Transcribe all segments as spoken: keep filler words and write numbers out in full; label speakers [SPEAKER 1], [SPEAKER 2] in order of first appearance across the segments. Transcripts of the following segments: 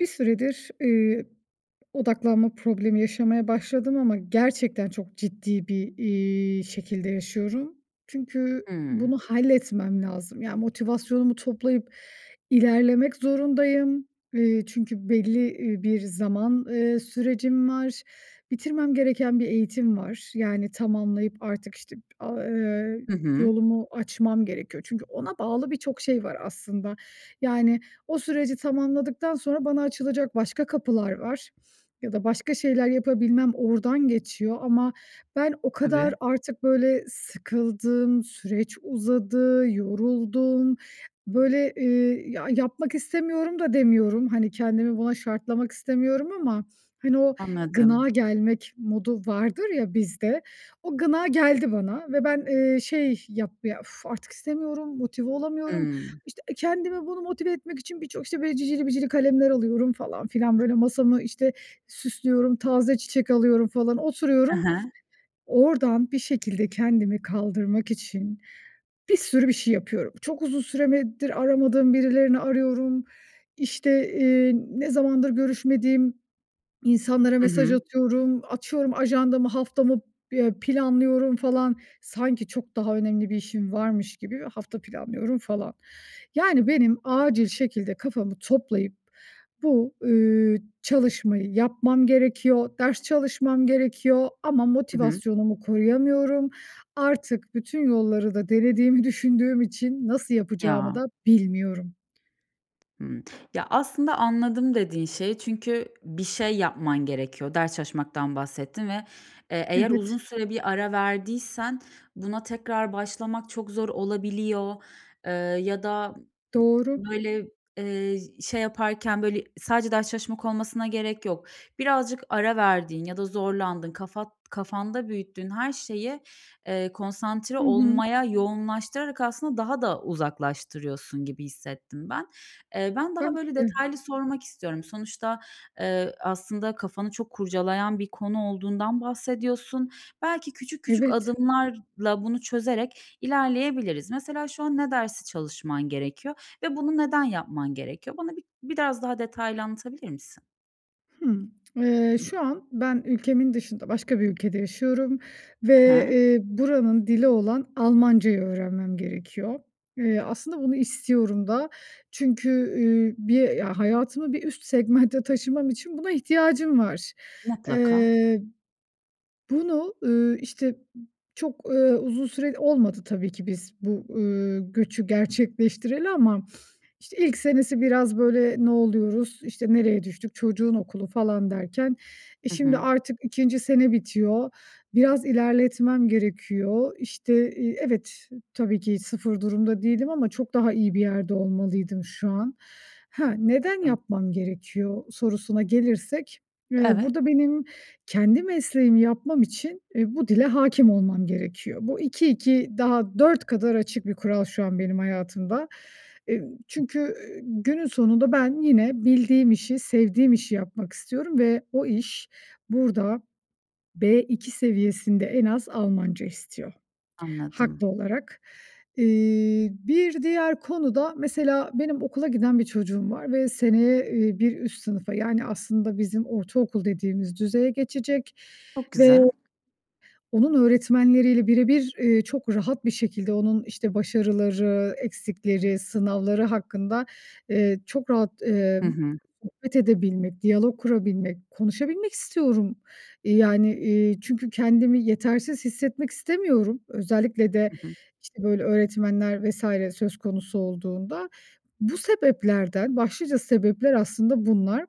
[SPEAKER 1] Bir süredir, iii, odaklanma problemi yaşamaya başladım ama gerçekten çok ciddi bir, iii, şekilde yaşıyorum. Çünkü
[SPEAKER 2] Hıı.
[SPEAKER 1] bunu halletmem lazım. Yani, motivasyonumu toplayıp ilerlemek zorundayım. Eee, çünkü belli, iii, bir zaman, eee, sürecim var. Bitirmem gereken bir eğitim var. Yani tamamlayıp artık işte, aaa, eee,
[SPEAKER 2] Hı hı.
[SPEAKER 1] yolumu açmam gerekiyor. Çünkü ona bağlı birçok şey var aslında. Yani, o süreci tamamladıktan sonra bana açılacak başka kapılar var ya da başka şeyler yapabilmem oradan geçiyor ama ben o kadar
[SPEAKER 2] Tabii.
[SPEAKER 1] artık böyle sıkıldım, süreç uzadı, yoruldum. Böyle, eee, ya, yapmak istemiyorum da demiyorum, hani, kendimi buna şartlamak istemiyorum ama hani, o
[SPEAKER 2] Anladım.
[SPEAKER 1] gına gelmek modu vardır ya bizde, o gına geldi bana ve ben, eee, şey, yap ya, uf, artık istemiyorum, motive olamıyorum.
[SPEAKER 2] Hımm.
[SPEAKER 1] İşte kendimi, bunu, motive etmek için birçok, işte, böyle cicili bicili kalemler alıyorum falan filan böyle masamı, işte, süslüyorum, taze çiçek alıyorum falan
[SPEAKER 2] He
[SPEAKER 1] oturuyorum.
[SPEAKER 2] he.
[SPEAKER 1] Oradan bir şekilde kendimi kaldırmak için bir sürü bir şey yapıyorum. Çok uzun süremedir aramadığım birilerini arıyorum. İşte, eee, ne zamandır görüşmediğim insanlara
[SPEAKER 2] Hı
[SPEAKER 1] mesaj
[SPEAKER 2] hı.
[SPEAKER 1] atıyorum. Açıyorum ajandamı, haftamı, ya, planlıyorum falan. Sanki çok daha önemli bir işim varmış gibi hafta planlıyorum falan. Yani, benim acil şekilde kafamı toplayıp bu, ııı, çalışmayı yapmam gerekiyor, ders çalışmam gerekiyor ama
[SPEAKER 2] Hı hı.
[SPEAKER 1] motivasyonumu koruyamıyorum. Artık bütün yolları da denediğimi düşündüğüm için nasıl yapacağımı
[SPEAKER 2] Ya!
[SPEAKER 1] da bilmiyorum.
[SPEAKER 2] Hımm. Ya, aslında anladım, dediğin şeyi çünkü bir şey yapman gerekiyor. Ders çalışmaktan bahsettin ve, eee, eğer uzun
[SPEAKER 1] Evet.
[SPEAKER 2] süre bir ara verdiysen buna tekrar başlamak çok zor olabiliyor, eee, ya da, ııı,
[SPEAKER 1] Doğru.
[SPEAKER 2] ııı, böyle, eee, ş şey yaparken böyle sadece ders çalışmak olmasına gerek yok. Birazcık ara verdiğin ya da zorlandığın, kafat kafanda büyüttüğün her şeyi, eee, konsantre
[SPEAKER 1] Hı hı.
[SPEAKER 2] olmaya yoğunlaştırarak aslında daha da uzaklaştırıyorsun gibi hissettim ben. Eee, ben daha
[SPEAKER 1] Belki
[SPEAKER 2] böyle
[SPEAKER 1] de.
[SPEAKER 2] detaylı sormak istiyorum. Sonuçta, eee, aslında kafanı çok kurcalayan bir konu olduğundan bahsediyorsun. Belki küçük küçük
[SPEAKER 1] Evet.
[SPEAKER 2] adımlarla bunu çözerek ilerleyebiliriz. Mesela şu an ne dersi çalışman gerekiyor ve bunu neden yapman gerekiyor? Bana bir biraz daha detaylı anlatabilir misin?
[SPEAKER 1] Hımm. Eee, şu an ben ülkemin dışında başka bir ülkede yaşıyorum
[SPEAKER 2] He
[SPEAKER 1] ve,
[SPEAKER 2] he.
[SPEAKER 1] eee, buranın dili olan Almancayı öğrenmem gerekiyor. Eee, aslında bunu istiyorum da çünkü, üüü, bir ya hayatımı bir üst segmentte taşımam için buna ihtiyacım var.
[SPEAKER 2] Mutlaka.
[SPEAKER 1] Eee, bunu, ııı, işte, çok, eee, uzun süre olmadı. Tabii ki biz bu, ııı, göçü gerçekleştireli ama, işte, ilk senesi biraz böyle ne oluyoruz, işte, nereye düştük, çocuğun okulu falan derken, eee,
[SPEAKER 2] Hı
[SPEAKER 1] şimdi
[SPEAKER 2] hı.
[SPEAKER 1] artık ikinci sene bitiyor. Biraz ilerletmem gerekiyor. İşte, iii Evet, tabii ki sıfır durumda değilim ama çok daha iyi bir yerde olmalıydım şu an. Ha, neden
[SPEAKER 2] Tabii.
[SPEAKER 1] yapmam gerekiyor sorusuna gelirsek, eee,
[SPEAKER 2] Evet.
[SPEAKER 1] burada benim kendi mesleğimi yapmam için, eee, bu dile hakim olmam gerekiyor. Bu iki iki daha dört kadar açık bir kural şu an benim hayatımda. Eee,
[SPEAKER 2] [unintelligible]
[SPEAKER 1] çünkü, üüü, günün sonunda ben yine bildiğim işi, sevdiğim işi yapmak istiyorum ve o iş burada B2 seviyesinde en az Almanca istiyor
[SPEAKER 2] Anladım.
[SPEAKER 1] haklı olarak. Eee, bir diğer konu da mesela benim okula giden bir çocuğum var ve seneye, eee, bir üst sınıfa yani aslında bizim ortaokul dediğimiz düzeye geçecek
[SPEAKER 2] Çok
[SPEAKER 1] ve
[SPEAKER 2] güzel.
[SPEAKER 1] onun öğretmenleriyle bire bir, eee, çok rahat bir şekilde onun, işte, başarıları, eksikleri, sınavları hakkında, eee, çok rahat,
[SPEAKER 2] Hı
[SPEAKER 1] emm,
[SPEAKER 2] hı.
[SPEAKER 1] sohbet edebilmek, diyalog kurabilmek, konuşabilmek istiyorum. Eee, yani, iii, çünkü kendimi yetersiz hissetmek istemiyorum. Özellikle de,
[SPEAKER 2] Hı hı.
[SPEAKER 1] işte, böyle öğretmenler vs. söz konusu olduğunda. Bu sebeplerden Başlıca sebepler aslında bunlar.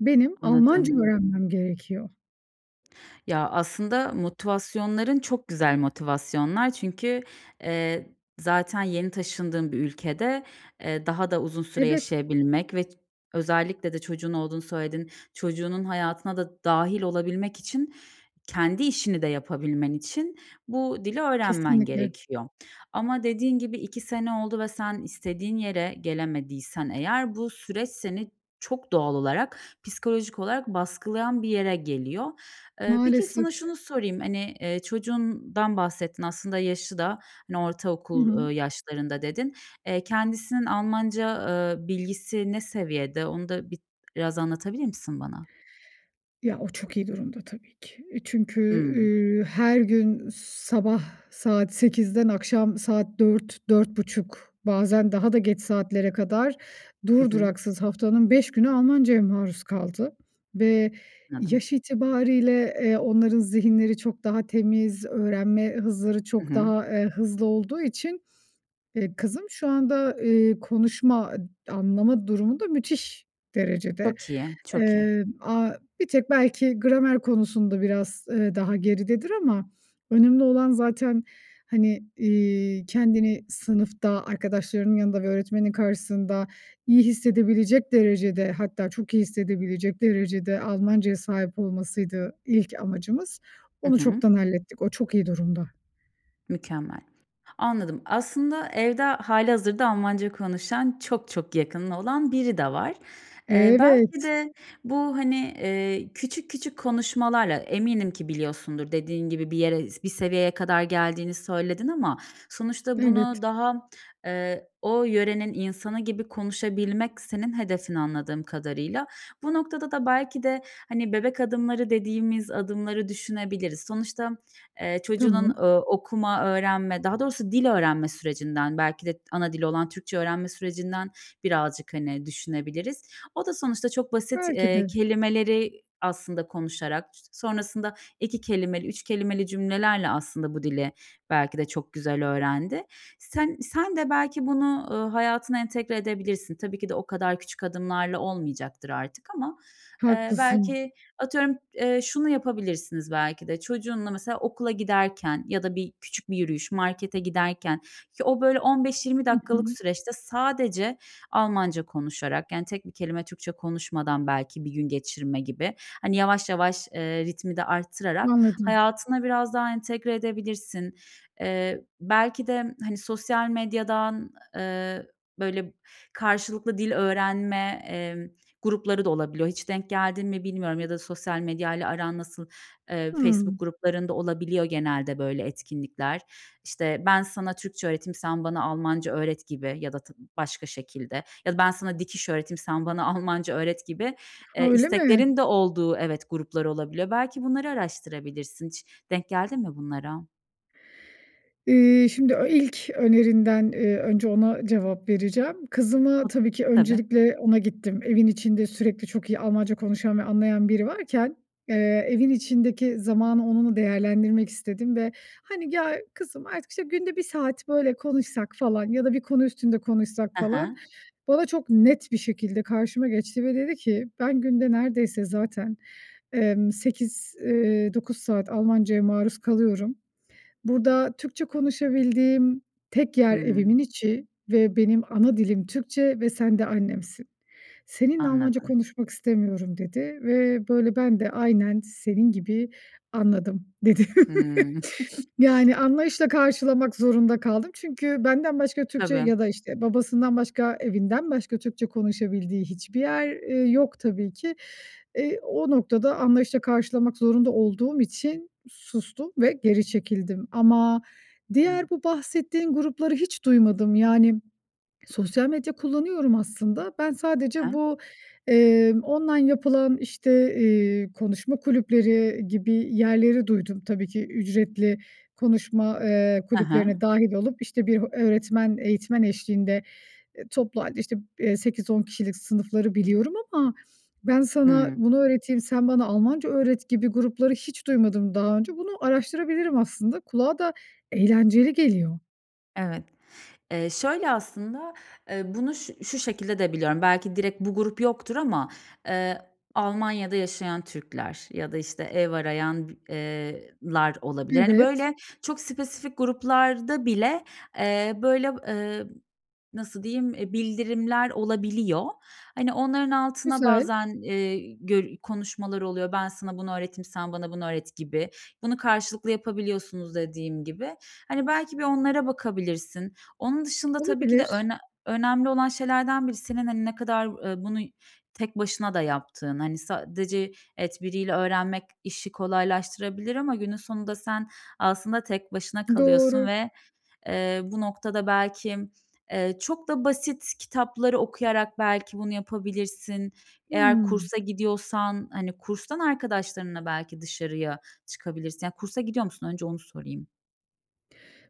[SPEAKER 1] Benim Almanca
[SPEAKER 2] Anladım.
[SPEAKER 1] öğrenmem gerekiyor.
[SPEAKER 2] Ya, aslında motivasyonların çok güzel motivasyonlar. Çünkü, eee, zaten yeni taşındığın bir ülkede, eee, daha da uzun süre
[SPEAKER 1] Evet.
[SPEAKER 2] yaşayabilmek ve ç özellikle de çocuğun olduğunu söyledin, çocuğunun hayatına da dâhil olabilmek için, kendi işini de yapabilmen için bu dili öğrenmen
[SPEAKER 1] Kesinlikle.
[SPEAKER 2] gerekiyor. Ama dediğin gibi iki sene oldu ve sen istediğin yere gelemediysen eğer, bu süreç seni çok doğal olarak, psikolojik olarak baskılayan bir yere geliyor. Eee, peki, sana
[SPEAKER 1] Maalesef.
[SPEAKER 2] şunu sorayım. Hani, eee, çocuğundan bahsettin. Aslında yaşı da hani,
[SPEAKER 1] Hı hı.
[SPEAKER 2] ortaokul, eee, yaşlarında dedin. Eee, kendisinin Almanca, eee, bilgisi ne seviyede? Onu da bit biraz anlatabilir misin bana?
[SPEAKER 1] Ya, o çok iyi durumda tabii ki. Çünkü,
[SPEAKER 2] Hı.
[SPEAKER 1] ııı, her gün sabah saat sekizden akşam saat dört dört buçuk bazen daha da geç saatlere kadar
[SPEAKER 2] Hı
[SPEAKER 1] dur
[SPEAKER 2] hı.
[SPEAKER 1] duraksız haftanın beş günü Almancaya maruz kaldı. Ve
[SPEAKER 2] Anladım.
[SPEAKER 1] yaş itibarıyla, eee, onların zihinleri çok daha temiz, öğrenme hızları
[SPEAKER 2] Hı
[SPEAKER 1] çok
[SPEAKER 2] hı.
[SPEAKER 1] daha, eee, hızlı olduğu için, eee, kızım şu anda, eee, konuşma ı anlama durumu da müthiş derecede.
[SPEAKER 2] Çok iyi, çok iyi.
[SPEAKER 1] Eee, aaa, bir tek belki gramer konusunda biraz, eee, daha geridedir ama önemli olan zaten, hani, iii, kendini sınıfta arkadaşlarının yanında ve öğretmenin karşısında iyi hissedebilecek derecede, hatta çok iyi hissedebilecek derecede Almancaya sahip olmasıydı ilk amacımız.
[SPEAKER 2] Hı
[SPEAKER 1] Onu
[SPEAKER 2] hı.
[SPEAKER 1] çoktan hallettik, o çok iyi durumda.
[SPEAKER 2] Mükemmel. Anladım. Aslında evde h hâlihazırda Almanca konuşan çok çok yakının olan biri de var. Eee, belki
[SPEAKER 1] Evet.
[SPEAKER 2] de bu, hani, eee, küçük küçük konuşmalarla, eminim ki biliyorsundur dediğin gibi, bir yere, i bir seviyeye kadar geldiğini söyledin ama sonuçta bunu
[SPEAKER 1] Evet.
[SPEAKER 2] daha, eee, o yörenin insanı gibi konuşabilmek senin hedefin anladığım kadarıyla. Bu noktada da belki de hani, bebek adımları dediğimiz adımları düşünebiliriz. Sonuçta, eee, çocuğunun,
[SPEAKER 1] Tamam.
[SPEAKER 2] eee, okuma, öğrenme, daha doğrusu dil öğrenme sürecinden, belki de ana dili olan Türkçe öğrenme sürecinden birazcık, hani, düşünebiliriz. O da sonuçta çok basit,
[SPEAKER 1] Belki
[SPEAKER 2] eee,
[SPEAKER 1] de.
[SPEAKER 2] kelimeleri aslında konuşarak, sonrasında iki kelimeli, üç kelimeli cümlelerle aslında bu dili belki de çok güzel öğrendi. Sen sen de belki bunu, eee, hayatına entegre edebilirsin. Tabii ki de o kadar küçük adımlarla olmayacaktır artık ama, eee,
[SPEAKER 1] Haklısın.
[SPEAKER 2] belki, atıyorum, eee, şunu yapabilirsiniz belki de. Çocuğunla mesela okula giderken ya da bir küçük bir yürüyüş, markete giderken o, böyle, on beş yirmi
[SPEAKER 1] Hı
[SPEAKER 2] dakikalık
[SPEAKER 1] hı.
[SPEAKER 2] süreçte sadece Almanca konuşarak, yani, tek bir kelime Türkçe konuşmadan belki bir gün geçirme gibi, hani, yavaş yavaş, eee, ritmi de arttırarak
[SPEAKER 1] Anladım.
[SPEAKER 2] hayatına biraz daha entegre edebilirsin. Eee, belki de hani, sosyal medyadan, eee, böyle, karşılıklı dil öğrenme, eee, grupları da olabiliyor. Hiç denk geldin mi bilmiyorum ya da sosyal medyayla aran nasıl, eee,
[SPEAKER 1] Hı.
[SPEAKER 2] Facebook gruplarında olabiliyor genelde, böyle, etkinlikler. İşte, "Ben sana Türkçe öğreteyim, sen bana Almanca öğret," gibi ya da tı başka şekilde, ya da "Ben sana dikiş öğreteyim, sen bana Almanca öğret," gibi, eee,
[SPEAKER 1] Öyle mi?
[SPEAKER 2] isteklerin de olduğu Evet, gruplar olabiliyor. Belki bunları araştırabilirsin. Hiç denk geldin mi bunlara?
[SPEAKER 1] İii, şimdi o ilk önerinden, eee, önce ona cevap vereceğim. Kızıma
[SPEAKER 2] Hıh.
[SPEAKER 1] tabii ki
[SPEAKER 2] Tabii.
[SPEAKER 1] öncelikle ona gittim evin içinde sürekli çok iyi Almanca konuşan ve anlayan biri varken, eee, evin içindeki zamanı onunla değerlendirmek istedim ve hani "Ya, kızım artık işte günde bir saat böyle konuşsak." falan "Ya da bir konu üstünde konuşsak."
[SPEAKER 2] Hı
[SPEAKER 1] falan
[SPEAKER 2] hı.
[SPEAKER 1] bana çok net bir şekilde karşıma geçti ve dedi ki "Ben günde neredeyse zaten, eee, sekiz, eee, dokuz saat Almanca'ya maruz kalıyorum. Burada Türkçe konuşabildiğim tek yer
[SPEAKER 2] Hımm.
[SPEAKER 1] evimin içi ve benim ana dilim Türkçe ve sen de annemsin. Seninle Almanca
[SPEAKER 2] Anladım.
[SPEAKER 1] konuşmak istemiyorum." dedi ve böyle ben de aynen senin gibi "Anladım." dedim.
[SPEAKER 2] Hımm.
[SPEAKER 1] Yani anlayışla karşılamak zorunda kaldım çünkü benden başka Türkçe
[SPEAKER 2] Tabii.
[SPEAKER 1] ya da işte babasından başka, evinden başka Türkçe konuşabildiği hiçbir yer, eee, yok tabii ki. Eee, o noktada anlayışla karşılamak zorunda olduğum için sustum ve geri çekildim. Ama
[SPEAKER 2] Hıı.
[SPEAKER 1] diğer bu bahsettiğin grupları hiç duymadım. Yani sosyal medya kullanıyorum aslında, ben
[SPEAKER 2] Hı
[SPEAKER 1] sadece
[SPEAKER 2] hı.
[SPEAKER 1] bu, eee, online yapılan işte, iii, konuşma kulüpleri gibi yerleri duydum. Tabii ki ücretli konuşma, eee,
[SPEAKER 2] Hı hı.
[SPEAKER 1] kulüplerine dâhil olup işte bir öğretmen, eğitmen eşliğinde, eee, toplu hâlde işte sekiz on kişilik sınıfları biliyorum ama, "Ben sana
[SPEAKER 2] Hımm.
[SPEAKER 1] bunu öğreteyim, sen bana Almanca öğret" gibi grupları hiç duymadım daha önce, bunu araştırabilirim aslında, kulağa da eğlenceli geliyor.
[SPEAKER 2] Evet, eee, şöyle aslında. Eee, bunu şu şu şekilde de biliyorum. Belki direkt bu grup yoktur ama. Eee Almanya'da Yaşayan Türkler ya da işte ev arayan eee, lar olabilir. Hani
[SPEAKER 1] Evet.
[SPEAKER 2] böyle çok spesifik gruplar da bile, eee, böyle, eee, nasıl diyeyim bildirimler olabiliyor. Hani onların altına
[SPEAKER 1] Güzel.
[SPEAKER 2] bazen, eee, gö konuşmalar oluyor. Ben sana bunu öğreteyim, sen bana bunu öğret gibi. Bunu karşılıklı yapabiliyorsunuz dediğim gibi. Hani belki bir onlara bakabilirsin. Onun dışında tabii ki de
[SPEAKER 1] Olabilir.
[SPEAKER 2] önem önemli olan şeylerden biri senin hani ne kadar, eee, bunu tek başına da yaptığın. Hani sadece evet biriyle öğrenmek işi kolaylaştırabilir ama günün sonunda sen aslında tek başına kalıyorsun
[SPEAKER 1] Doğru.
[SPEAKER 2] ve, eee, bu noktada belki, eee, çok da basit kitapları okuyarak belki bunu yapabilirsin. Eğer
[SPEAKER 1] Hımm.
[SPEAKER 2] kursa gidiyorsan, hani, kurstan arkadaşlarınla belki dışarıya çıkabilirsin yani kursa gidiyor musun? Önce onu sorayım.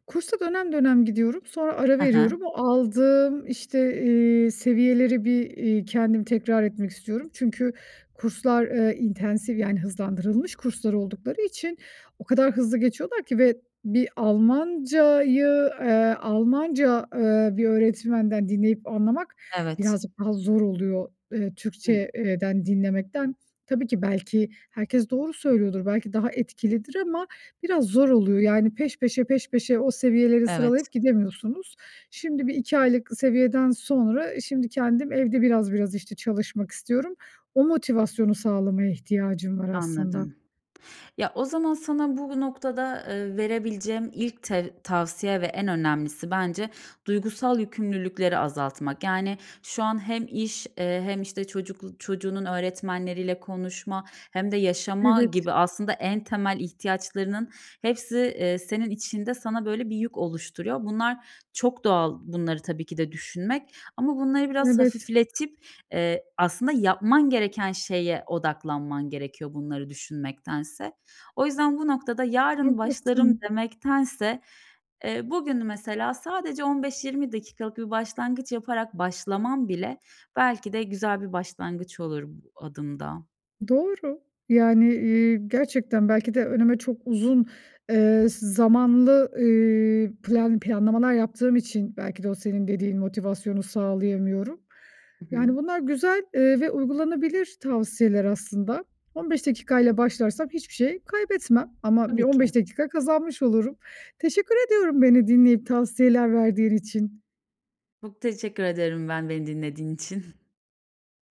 [SPEAKER 1] Kursa dönem dönem gidiyorum, sonra ara
[SPEAKER 2] Hı hı.
[SPEAKER 1] veriyorum. O aldığım, işte, eee, seviyeleri bir, eee, kendim tekrar etmek istiyorum. Çünkü kurslar, eee, intensive yani hızlandırılmış kurslar oldukları için o kadar hızlı geçiyorlar ki ve bir Almanca'yı, eee, Almanca, eee, bir öğretmenden dinleyip anlamak
[SPEAKER 2] Evet.
[SPEAKER 1] birazcık daha zor oluyor, eee, Türkçe
[SPEAKER 2] Hımm.
[SPEAKER 1] eee, den dinlemekten. Tabii ki belki herkes doğru söylüyordur, belki daha etkilidir ama biraz zor oluyor. Yani, peş peşe, peş peşe o seviyeleri
[SPEAKER 2] Evet.
[SPEAKER 1] sıralayıp gidemiyorsunuz. Şimdi bir iki aylık seviyeden sonra şimdi kendim evde biraz biraz işte çalışmak istiyorum. O motivasyonu sağlamaya ihtiyacım var aslında.
[SPEAKER 2] Anladım. Ya, o zaman sana bu noktada, eee, verebileceğim ilk te tavsiye ve en önemlisi bence duygusal yükümlülükleri azaltmak. Yani şu an hem iş, eee, hem, işte, çocuklu çocuğunun öğretmenleriyle konuşma hem de yaşama
[SPEAKER 1] Evet.
[SPEAKER 2] gibi aslında en temel ihtiyaçlarının hepsi, eee, senin içinde sana böyle bir yük oluşturuyor. Bunlar çok doğal bunları tabii ki de düşünmek ama bunları biraz
[SPEAKER 1] Evet.
[SPEAKER 2] hafifletip, eee, aslında yapman gereken şeye odaklanman gerekiyor bunları düşünmektense. O yüzden bu noktada yarın başlarım
[SPEAKER 1] Haklısın.
[SPEAKER 2] demektense, eee, bugünü mesela sadece on beş yirmi dakikalık bir başlangıç yaparak başlaman bile belki de güzel bir başlangıç olur bu adımda.
[SPEAKER 1] Doğru. Yani, eee, gerçekten belki de önüme çok uzun, eee, s zamanlı, ııı, plan planlamalar yaptığım için belki de o senin dediğin motivasyonu sağlayamıyorum.
[SPEAKER 2] Hı
[SPEAKER 1] Yani,
[SPEAKER 2] hı.
[SPEAKER 1] bunlar güzel, eee, ve uygulanabilir tavsiyeler aslında. On beş dakika ile başlarsam hiçbir şey kaybetmem ama bir
[SPEAKER 2] Tabii
[SPEAKER 1] on
[SPEAKER 2] ki.
[SPEAKER 1] beş dakika kazanmış olurum. Teşekkür ediyorum beni dinleyip tavsiyeler verdiğin için.
[SPEAKER 2] Çok teşekkür ederim ben, beni dinlediğin için.